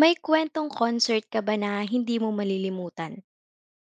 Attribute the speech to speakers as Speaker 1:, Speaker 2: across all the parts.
Speaker 1: May kwentong concert ka ba na hindi mo malilimutan?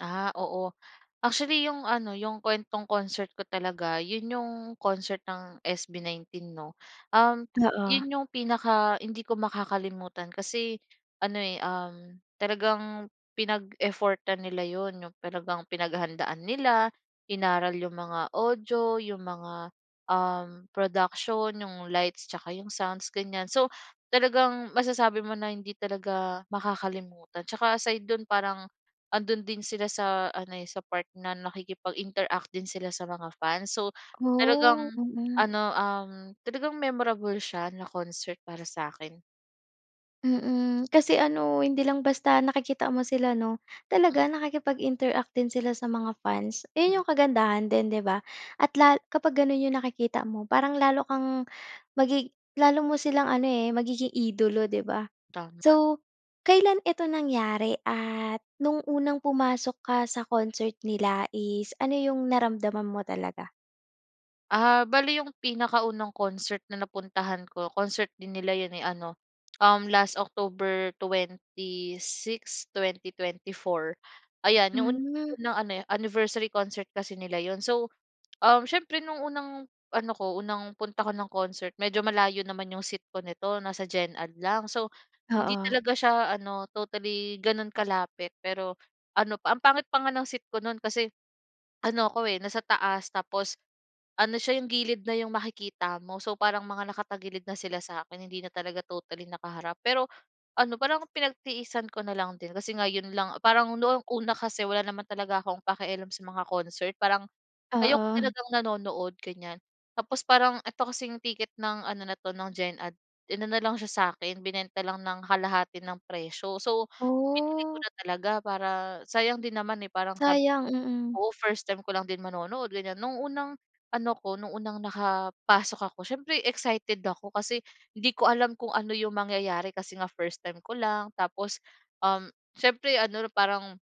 Speaker 2: Ah, oo. Actually 'yong ano, 'yong kuwentong concert ko talaga 'yon 'yong concert ng SB19 'no. Um,
Speaker 1: Oo
Speaker 2: 'yon 'yong pinaka hindi ko makakalimutan kasi ano, eh, um, talagang pinag-effortan nila 'yon, 'yong talagang pinaghahandaan nila, inaaral 'yong mga audio, 'yong mga, um, production, 'yong lights, 'yung sounds, ganyan. So talagang masasabi mo na hindi talaga makakalimutan tsaka aside do'n parang ando'n din sila sa ano, eh, sa part na nakikipag-interact din sila sa mga fans. So
Speaker 1: Oh,
Speaker 2: talagang
Speaker 1: mm.
Speaker 2: ano, um, talagang memorable siya na concert para sa'kin.
Speaker 1: Mm, kasi ano, hindi lang basta nakikita mo sila 'no? Talaga nakikipag-interact din sila sa mga fans? 'Yon
Speaker 2: Mm.
Speaker 1: 'yong kagandahan din 'di ba, at la kapag gano'n 'yong nakikita mo parang lalo kang magi lalo mo silang ano, eh, magiging idolo 'di ba?
Speaker 2: Tama.
Speaker 1: So kailan ito nangyari at no'ng unang pumasok ka sa concert niia is ano 'yong naramdaman mo talaga?
Speaker 2: Ah, bale yung pinakaunang concert na napuntahan ko concert din nila 'yon, eh, ano, uhm, last October 26, 2024, ayan yung
Speaker 1: Hmm.
Speaker 2: unang ano anniversary concert kasi nila 'yon. So, um, siyempre nung unang ano ko unang punta ko ng concert medyo malayo naman yung seat ko nito, nasa gen ad lang. So, hindi
Speaker 1: Oo.
Speaker 2: talaga siya ano totally gano'n kalapit pero ano, ang pangit pa nga ng seat ko no'n, kasi ano ako, eh, nasa taas tapos ano siya yung gilid na yung makikita mo. So, parang mga nakatagilid na sila sa akin hindi na talaga totally nakaharap pero, ano parang pinagtiisan ko na lang din kasi ngayon lang, parang noong una kasi wala naman talaga akong pakialam sa mga concert, parang ayoko
Speaker 1: Oo.
Speaker 2: talagang nanonood ganyan. Tapos, parang ito kasing ticket ng ano na 'to ng gen ad inano lang siya sa akin, binenta lang ng kalahati ng presyo. So, binili ko
Speaker 1: Ooh!
Speaker 2: na talaga para sayang din naman, eh, parang sabi
Speaker 1: Sayang, mm.
Speaker 2: oo first time ko lang din manonood, ganyan. Noong unang ano ko, noong unang nakapasok ako siyempre excited ako, kasi hindi ko alam kung ano yung mangyayari kasi nga first time ko lang. Tapos, um, siyempre ano parang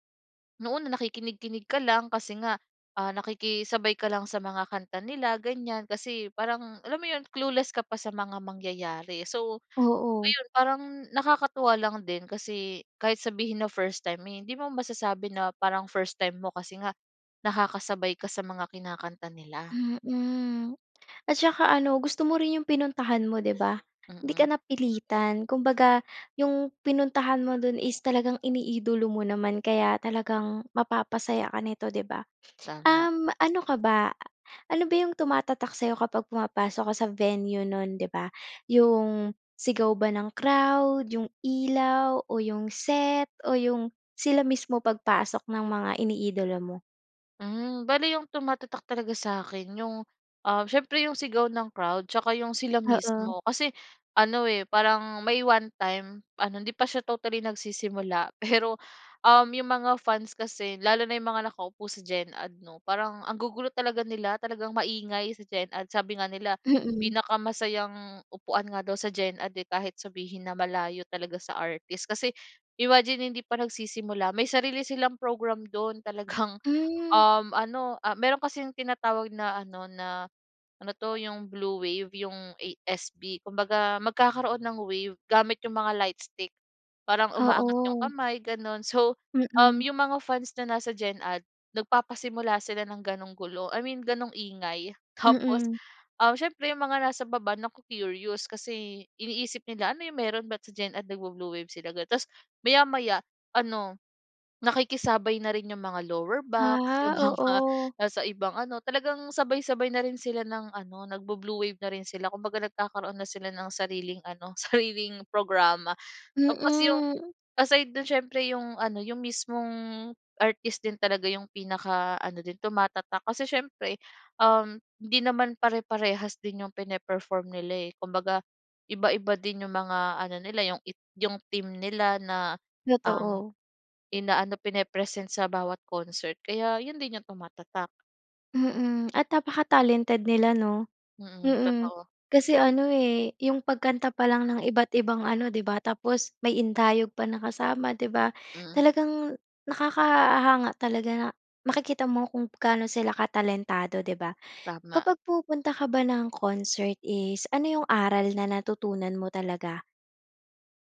Speaker 2: noon na nakikinig-kinig ka lang kasi nga, ah, nakikisabay ka lang sa mga kanta nila ganyan kasi parang alam mo 'yon, clueless ka pa sa mga mangyayari. So,
Speaker 1: Oo.
Speaker 2: ayun parang nakakatuwa lang din kasi kahit sabihin na first time, hindi mo masasabi na parang first time mo, kasi nga nakakasabay ka sa mga kinakanta nila.
Speaker 1: Mm, at saka ano gusto mo rin yung pinuntahan mo 'di ba? 'Di ka
Speaker 2: Mm.
Speaker 1: napilitan, kumbaga yung pinuntahan mo do'n is talagang iniidolo mo naman kaya talagang mapapasaya ka nito 'di ba?
Speaker 2: Tama.
Speaker 1: Um, ano ka ba, ano ba yung tumatatak sa'yo kapag pumapasok ka sa venue no'n 'di ba, yung sigaw ba ng crowd, yung ilaw o yung set o yung sila mismo pagpasok ng mga iniidolo mo?
Speaker 2: Hmm, bale 'yong tumatatak talaga sa’kin 'yong, um, siyempre 'yong sigaw ng crowd tsaka 'yong sila
Speaker 1: Oo.
Speaker 2: mismo. Kasi ano eh, parang may one-time ano, hindi pa siya totally nagsisimula pero, um, 'yong mga fans kasi, lalo na 'yong mga nakaupo sa Gen Ad 'no, parang ang gugulo talaga nila, talagang maingay sa Gen Ad. Sabi nga nila,
Speaker 1: Mm.
Speaker 2: pinakamasayang upuan nga daw sa Gen Ad eh, kahit sabihin na malayo talaga sa artist kasi imagine hindi pa nagsisimula may sarili silang program do'n. Talagang
Speaker 1: Hmm.
Speaker 2: um ano, ah, meron kasing tinatawag na ano na ano 'to, 'yong blue wave 'yong ASB. Kumbaga, magkakaroon ng wave gamit 'yong mga lightstick. Parang umaangat 'yong
Speaker 1: Oo.
Speaker 2: kamay gano'n, so, um,
Speaker 1: Mm.
Speaker 2: 'yong mga fans na nasa Gen Ad nagpapasimula sila ng gano'ng gulo. I mean gano'ng ingay tapos,
Speaker 1: Mm.
Speaker 2: um, siyempre 'yong mga nasa baba, na-ko-curious kasi iniisip nila, “Ano 'yong mayro'n, ba't sa Gen Ad nag-bo-blue wave sila?” Gano'n. Ta's maya-maya ano, nakikisabay na rin 'yong mga lower box, 'yong mga
Speaker 1: Ah, oo.
Speaker 2: nasa ibang ano, talagang sabay-sabay na rin sila ng ano nag-bu-blue wave na rin sila. Kumbaga, nagkakaroon na sila ng sariling ano, sariling programa tapos 'yong
Speaker 1: Mm.
Speaker 2: aside do'n siyempre, 'yong ano, 'yong mismong artist din talaga 'yong pinaka-ano din tumatatak kasi siyempre, um, hindi naman pare-parehas din 'yong pine-perform nila eh. Kumbaga, iba-iba din 'yong mga ano nila 'yong it 'yong theme nila na, um,
Speaker 1: Totoo.
Speaker 2: ina-ano, pine-present sa bawat concert kaya 'yon din 'yong tumatatak.
Speaker 1: Mm, at napakatalented nila 'no?
Speaker 2: Mm,
Speaker 1: Mm.
Speaker 2: totoo.
Speaker 1: Kasi ano eh, 'yong pagkanta pa lang ng iba't ibang ano 'di ba, tapos may indayog pa na kasama 'di ba,
Speaker 2: Hmm.
Speaker 1: talagang nakakahanga talaga na makikita mo kung gaano sila katalentado 'di ba?
Speaker 2: Tama.
Speaker 1: Kapag pumupunta ka ba ng concert is ano 'yong aral na natutunan mo talaga?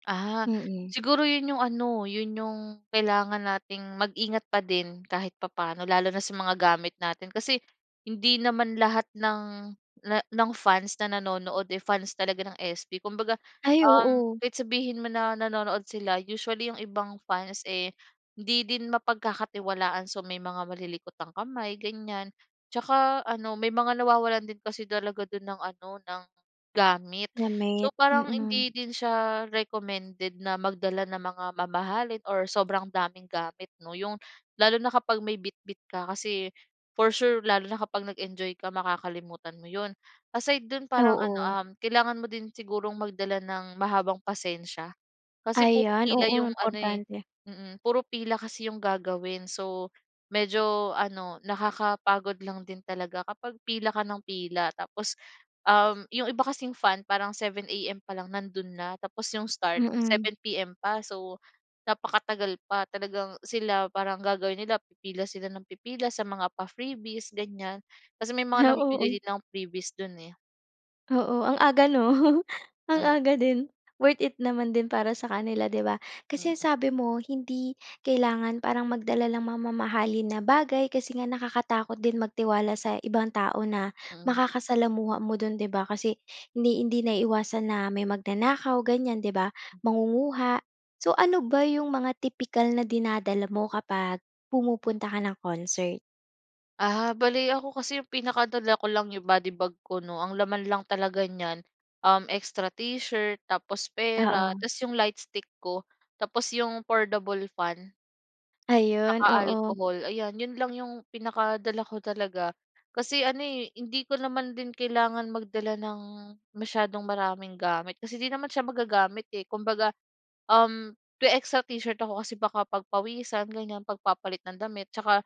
Speaker 2: Ah,
Speaker 1: Mm.
Speaker 2: siguro 'yon 'yong ano, 'yon 'yong kailangan nating mag-ingat pa din kahit papaano, lalo na sa mga gamit natin kasi hindi naman lahat ng na ng fans na nanonood, eh, fans talaga ng SB. Kumbaga
Speaker 1: Ay,
Speaker 2: um,
Speaker 1: oo.
Speaker 2: kahit sabihin mo na nanonood sila usually 'yong ibang fans eh, hindi din mapagkakatiwalaan. So, may mga malilikot ang kamay ganyan. Tsaka ano may mga nawawalan din kasi talaga do'n ng ano, ng gamit. So,
Speaker 1: Gamit,
Speaker 2: parang
Speaker 1: mm.
Speaker 2: hindi din siya recommended na magdala ng mga mamahalin or sobrang daming gamit 'no, 'yong lalo na kapag may bitbit ka, kasi for sure lalo na kapag nag-enjoy ka makakalimutan mo 'yon. Aside do'n parang ano
Speaker 1: Oo.
Speaker 2: um, kailangan mo din sigurong magdala ng mahabang pasensya. Kasi puro
Speaker 1: Ayan, oo
Speaker 2: pila 'yong ano eh,
Speaker 1: importante.
Speaker 2: mm, puro pila kasi 'yong gagawin. So medyo ano, nakakapagod lang din talaga kapag pila ka ng pila. Tapos um, 'yong iba kasing fan parang 7:00 AM pa lang nando'n na, tapos 'yong start
Speaker 1: Mm.
Speaker 2: 7:00 PM pa. So, napakatagal pa, talagang sila parang gagawin nila pipila sila nang pipila sa mga pa-freebies ganyan. Kasi may mga
Speaker 1: Ah,
Speaker 2: namibigay
Speaker 1: oo.
Speaker 2: din ng freebies do'n, eh.
Speaker 1: Oo, ang aga 'no? Ang
Speaker 2: M
Speaker 1: aga din. Worth it naman din para sa kanila, 'di ba? Kasi ang
Speaker 2: Mm.
Speaker 1: sabi mo hindi kailangan parang magdala ng mga mamahalin na bagay kasi nga nakakatakot din magtiwala sa ibang tao na
Speaker 2: Mm.
Speaker 1: makakasalamuha mo do'n 'di ba? Kasi hindi hindi naiiwasan na may magnanakaw ganiyan, 'di ba? Mangunguha. So ano ba 'yong mga tipikal na dinadala mo kapag pumupunta ka ng concert?
Speaker 2: Ah, bale ako kasi yung pinakadala ko lang 'yong body bag ko 'no. Ang laman lang talaga niyan, um extra t-shirt, tapos pera,
Speaker 1: Oo.
Speaker 2: ta’s 'yong lightstick ko. Tapos 'yong foldable fan.
Speaker 1: Ayun,
Speaker 2: Tsaka
Speaker 1: oo.
Speaker 2: alcohol. Ayan, 'yon lang 'yong pinakadala ko talaga. Kasi ano eh, hindi ko naman din kailangan magdala ng masyadong maraming gamit kasi 'di naman siya magagamit eh. Kumbaga, um, may extra t-shirt ako kasi baka pagpawisan ganiyan. 'Pag papalit ng damit tsaka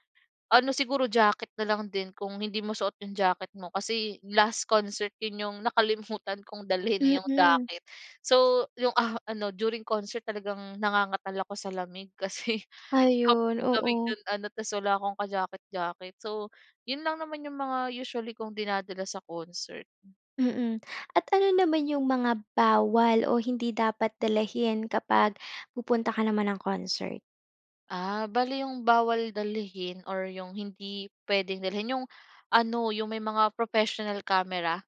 Speaker 2: ano siguro, jacket na lang din kung hindi mo suot 'yong jacket mo. Kasi last concert 'yon 'yong nakalimutan kong dalhin eh 'yong
Speaker 1: Mm.
Speaker 2: jacket. So 'yong, ah, ano, during concert talagang nangangatal ako sa lamig kasi, ang
Speaker 1: Ayun,
Speaker 2: lamig
Speaker 1: oo.
Speaker 2: do'n ano ta's wala akong ka jacket jacket. So 'yon lang naman yung mga usually kong dinadala sa concert.
Speaker 1: Mm. At ano naman 'yong mga bawal o hindi dapat dalahin kapag pupunta ka naman ng concert?
Speaker 2: Ah, bale 'yong bawal dalhin, or 'yong hindi puwedeng dalhin 'yong ano, 'yong may mga professional camera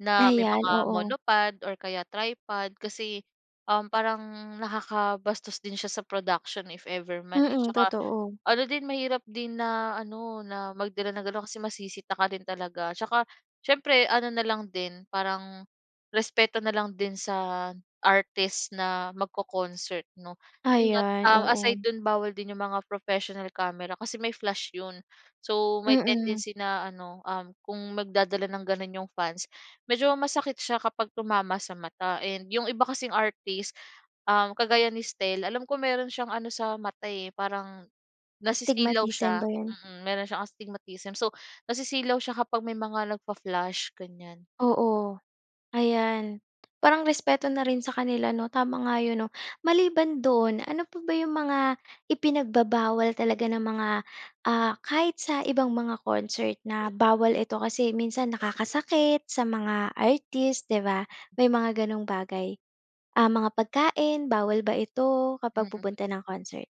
Speaker 2: na may
Speaker 1: Ayan,
Speaker 2: mga
Speaker 1: oo.
Speaker 2: monopod or kaya tripod kasi, um, parang nakakabastos din siya sa production if ever man, eh,
Speaker 1: Mm,
Speaker 2: tsaka
Speaker 1: totoo.
Speaker 2: ano din mahirap din na ano na magdala ng ganon kasi masisita ka din talaga. Tsaka, siyempre ano na lang din parang respeto na lang din sa artist na magco-concert 'no, 'yon nga.
Speaker 1: Ayan,
Speaker 2: Ah,
Speaker 1: oo.
Speaker 2: aside do'n, bawal din 'yong mga professional camera kasi may flash 'yon. So, may
Speaker 1: Mm.
Speaker 2: tendency na ano, um, kung magdadala ng gano'n 'yong medyo masakit siya kapag tumama sa mata and 'yong iba kasing artist kagaya, ah, ni Stell, alam ko meron siyang ano sa mata, eh, parang nasisilaw
Speaker 1: Astigmatism
Speaker 2: siya,
Speaker 1: ba 'yon?
Speaker 2: mm, meron siyang astigmatism. So, nasisilaw siya kapag may mga nag-fa-flash, ganyan.
Speaker 1: Oo, ayan, parang respeto na rin sa kanila 'no tama nga yun 'no. Maliban do'n, ano pa ba 'yong mga ipinagbabawal talaga ng mga, ah, kahit sa ibang mga concert na bawal eto, kasi minsan nakakasakit sa mga artist 'di ba, may mga ganong bagay, ah, mga pagkain bawal ba ito kapag
Speaker 2: Mm.
Speaker 1: pupunta ng concert?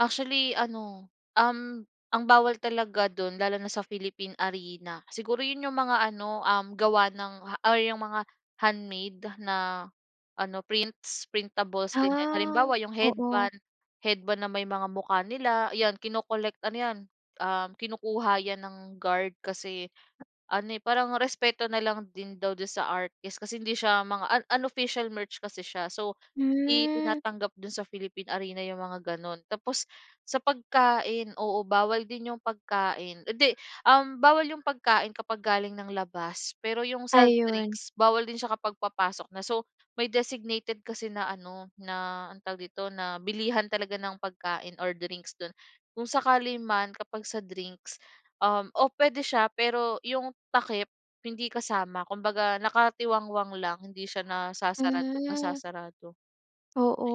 Speaker 2: Actually, ano, um, ang bawal talaga do'n lalo na sa Philippine Arena, siguro 'yon yung mga ano, um, gawa ng or yung mga handmade na ano prints, printables, ganyan.
Speaker 1: Ah,
Speaker 2: Halimbawa yung
Speaker 1: oo.
Speaker 2: headband, headband na may mga mukha nila 'yan kino-collect, ano 'yan, um, kinukuha 'yan ng guard kasi ano, eh, parang respeto na lang din daw do'n sa artist kasi hindi siya mga un unofficial merch kasi siya. So, hindi
Speaker 1: Hmm.
Speaker 2: tinatanggap do'n sa Philippine Arena yung mga gano'n. Tapos, sa pagkain, oo, bawal din yung pagkain 'di, um, bawal yung pagkain kapag galing ng labas pero yung sa
Speaker 1: Ayun.
Speaker 2: drinks bawal din siya kapag papasok na. So, may designated kasi na ano na anong tawag dito? Na bilihan talaga ng pagkain or drinks do'n, kung sakali man kapag sa drinks, um, oo puwede siya pero yung takip hindi kasama kumbaga nakatiwangwang lang hindi siya nasasarado
Speaker 1: Hmm.
Speaker 2: nasasarado.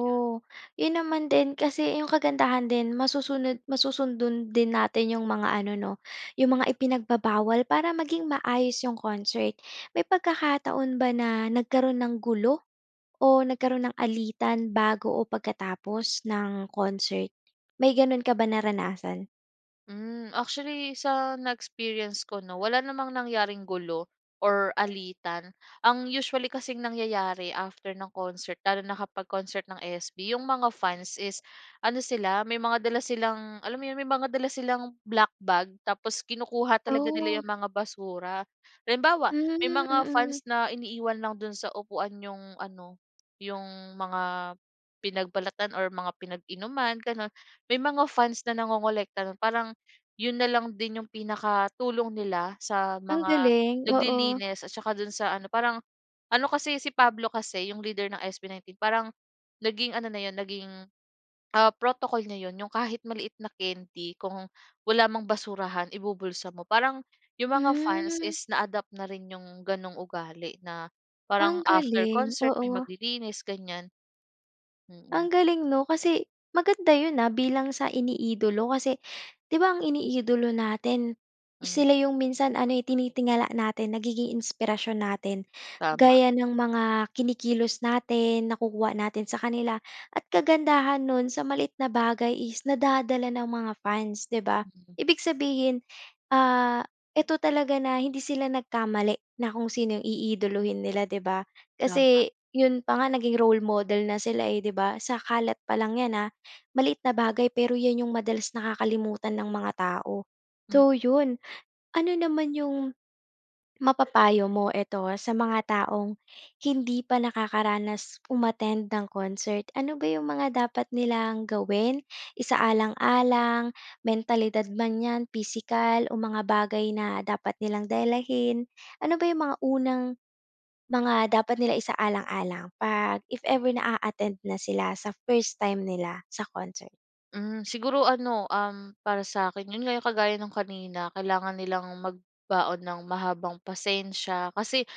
Speaker 2: Ayun.
Speaker 1: 'yon naman din kasi yung kagandahan din masusunod, masusundan din natin yung mga ano 'no yung mga ipinagbabawal para maging maayos yung concert. May pagkakataon ba na nagkaroon ng gulo o nagkaroon ng alitan bago o pagkatapos ng concert? May gano'n ka ba naranasan?
Speaker 2: Hmm, actually sa na-experience ko 'no, wala namang nangyaring gulo or alitan. Ang usually kasing nangyayari, after ng concert, lalo na kapag concert ng SB, yung mga fans is ano sila, may mga dala silang, alam mo yun, may mga dala silang black bag tapos kinukuha talaga nila
Speaker 1: Oh.
Speaker 2: yung mga basura. Halimbawa,
Speaker 1: Mm,
Speaker 2: may mga
Speaker 1: mm.
Speaker 2: fans na iniiwan lang dun sa upuan yung ano, yung mga pinagbalatan or mga pinag-inuman, ganun. May mga fans na nangongolekta nun. Parang yun na lang din yung pinakatulong nila sa
Speaker 1: Ang
Speaker 2: mga
Speaker 1: galing. Oo.
Speaker 2: naglilinis at saka dun sa ano, parang ano kasi, si Pablo kasi yung leader ng SB19, parang naging ano na yun, naging, ah, protocol niya yun. Yung kahit maliit na candy kung wala mang basurahan, ibubulsa mo parang yung mga fans
Speaker 1: Hmm.
Speaker 2: is na-adapt na rin yung ganoong ugali, na
Speaker 1: Ang
Speaker 2: parang after
Speaker 1: galing,
Speaker 2: concert, may
Speaker 1: oo.
Speaker 2: maglilinis ganiyan. Mm.
Speaker 1: Ang galing 'no, kasi maganda yun, ah, bilang sa iniidolo kasi 'di ba, ang iniidolo natin,
Speaker 2: Hmm.
Speaker 1: sila yung minsan ano, eh, tinitingala natin, nagiging inspirasyon natin.
Speaker 2: Tama.
Speaker 1: Gaya nang mga kinikilos natin, nakukuha natin sa kanila at kagandahan nun, sa maliit na bagay is nadadala ng mga fans, 'di ba? Ibig sabihin, ah, 'eto talaga na hindi sila nagkamali na kung sino yung iidolohin nila, 'di ba?
Speaker 2: Tama.
Speaker 1: Kasi yun pa nga naging role model na sila, eh, 'di ba? Sa kalat pa lang yan, ah, maliit na bagay, pero yun yung madalas nakakalimutan ng mga tao,
Speaker 2: Hmm.
Speaker 1: so yun. Ano naman yung mapapayo mo, eto, ah, sa mga taong hindi pa nakakaranas umattend ng concert? Ano ba yung mga dapat nilang gawin, isaalang-alang, mentalidad man 'yan, pisikal, o mga bagay na dapat nilang dalahin? Ano ba yung mga unang mga dapat nila isaalang-alang 'pag if ever na a-attend na sila, sa first time nila sa concert?
Speaker 2: Hmm, siguro ano, um, para sa'kin 'yon nga 'yong kagaya no'ng kanina, kailangan nilang magbaon ng mahabang pasensya. Kasi,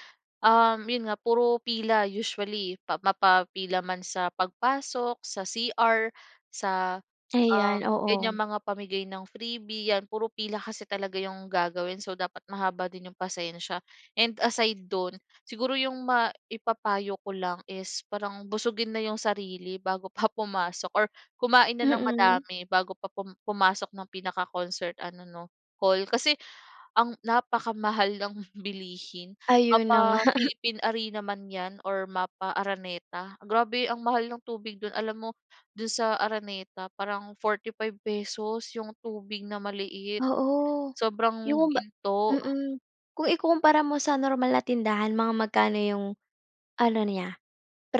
Speaker 2: um, 'yon nga puro pila, usually pa mapapila man sa pagpasok sa CR sa, ah,
Speaker 1: Ayan, oo.
Speaker 2: ganyang mga pamigay ng freebie, 'yan, puro pila kasi talaga 'yong gagawin, so dapat mahaba din 'yong pasensya. And aside do'n, siguro 'yong maipapayo ko lang is parang busugin na 'yong sarili bago pa pumasok or kumain na nang
Speaker 1: Mm.
Speaker 2: madami bago pa pum pumasok ng pinaka-concert ano 'no, hall. Kasi ang napakamahal ng bilihin
Speaker 1: Ayon na nga.
Speaker 2: mapa-Philippine Arena man 'yan or mapa-Araneta. Grabe ang mahal ng tubig do'n, alam mo, do'n sa Araneta, parang 45 pesos 'yong tubig na maliit,
Speaker 1: Oo,
Speaker 2: sobrang
Speaker 1: 'yong ba
Speaker 2: ginto.
Speaker 1: mm. Kung ikukumpara mo sa normal na tindahan mga magkano 'yong, ano niya,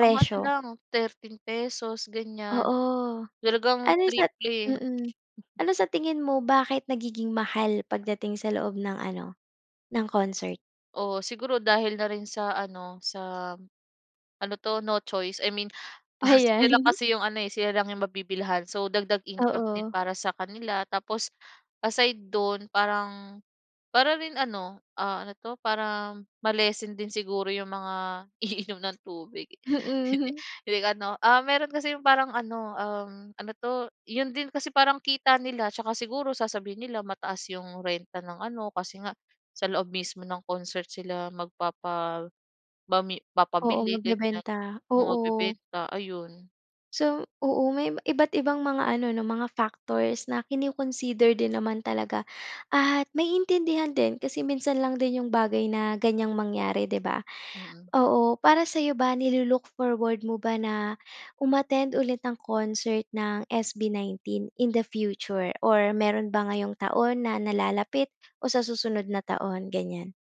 Speaker 2: Pang ano lang, thirteen pesos, ganyan.
Speaker 1: Oo.
Speaker 2: Talagang
Speaker 1: Ano sa
Speaker 2: triple.
Speaker 1: mm, ano sa tingin mo bakit nagiging mahal pagdating sa loob ng ano, ng concert?
Speaker 2: Oo, siguro dahil na rin sa ano, sa ano 'to, no choice. I mean, ah, sila
Speaker 1: Ayan.
Speaker 2: lang kasi 'yong ano eh, sila lang 'yong mabibilhan, so dagdag income din
Speaker 1: Oo.
Speaker 2: para sa kanila. Tapos aside do'n, parang para rin ano, ah, ano 'to, para ma-lessen din siguro 'yong mga iinom ng tubig.
Speaker 1: Mhm.
Speaker 2: Hindi ano, ah, meron kasi 'yong parang ano, um, ano 'to, 'yon din kasi parang kita nila. Tsaka siguro sasabihin nila, mataas 'yong renta ng ano, kasi nga sa loob mismo ng concert sila magpapabami
Speaker 1: Oo,
Speaker 2: papabili, ganyan.
Speaker 1: magbebenta. Oo.
Speaker 2: Magbebenta, ayon.
Speaker 1: So, oo may iba iba't ibang mga ano, 'no, mga factors, na kino-consider din naman talaga at maiintindihan din, kasi minsan lang din 'yong bagay na ganyang mangyari, 'di ba?
Speaker 2: Mm.
Speaker 1: Oo, para sa'yo ba, nilu-look forward mo ba na, um-attend ulit ng concert ng SB19 in the future? Or meron ba ngayong taon na nalalapit o sa susunod na taon, ganyan?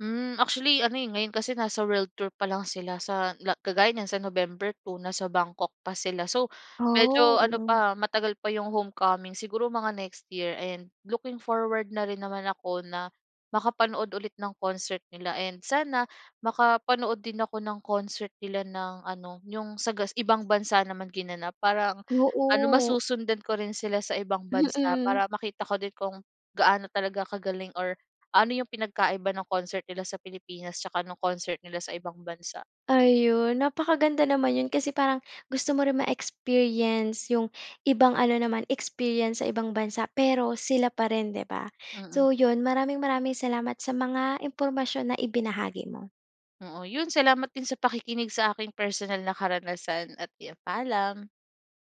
Speaker 2: Hmm, actually ano, eh, ngayon kasi nasa world tour pa lang sila sa la kagaya niyan sa November 2, nasa Bangkok pa sila. So medyo
Speaker 1: Oh,
Speaker 2: ano
Speaker 1: mm.
Speaker 2: pa, matagal pa 'yong homecoming, siguro mga next year and looking forward na rin naman ako na makapanood ulit ng concert nila. And sana, makapanood din ako ng concert nila ng ano, 'yong sa gas ibang bansa naman ginanap, parang ano
Speaker 1: Oo.
Speaker 2: masusundan ko rin sila sa ibang bansa.
Speaker 1: Mm.
Speaker 2: Para makita ko din kung gaano talaga kagaling or ano 'yong pinagkaiba ng concert nila sa Pilipinas tsaka no'ng concert nila sa ibang bansa.
Speaker 1: Ayon, napakaganda naman 'yon, kasi parang gusto mo rin ma-experience 'yong ibang ano naman, experience sa ibang bansa, pero sila pa rin, 'di ba.
Speaker 2: Mm.
Speaker 1: So 'yon, maraming maraming salamat sa mga impormasyon na ibinahagi mo.
Speaker 2: Oo, 'yon salamat din sa pakikinig sa aking personal na karanasan at 'yan, paalam.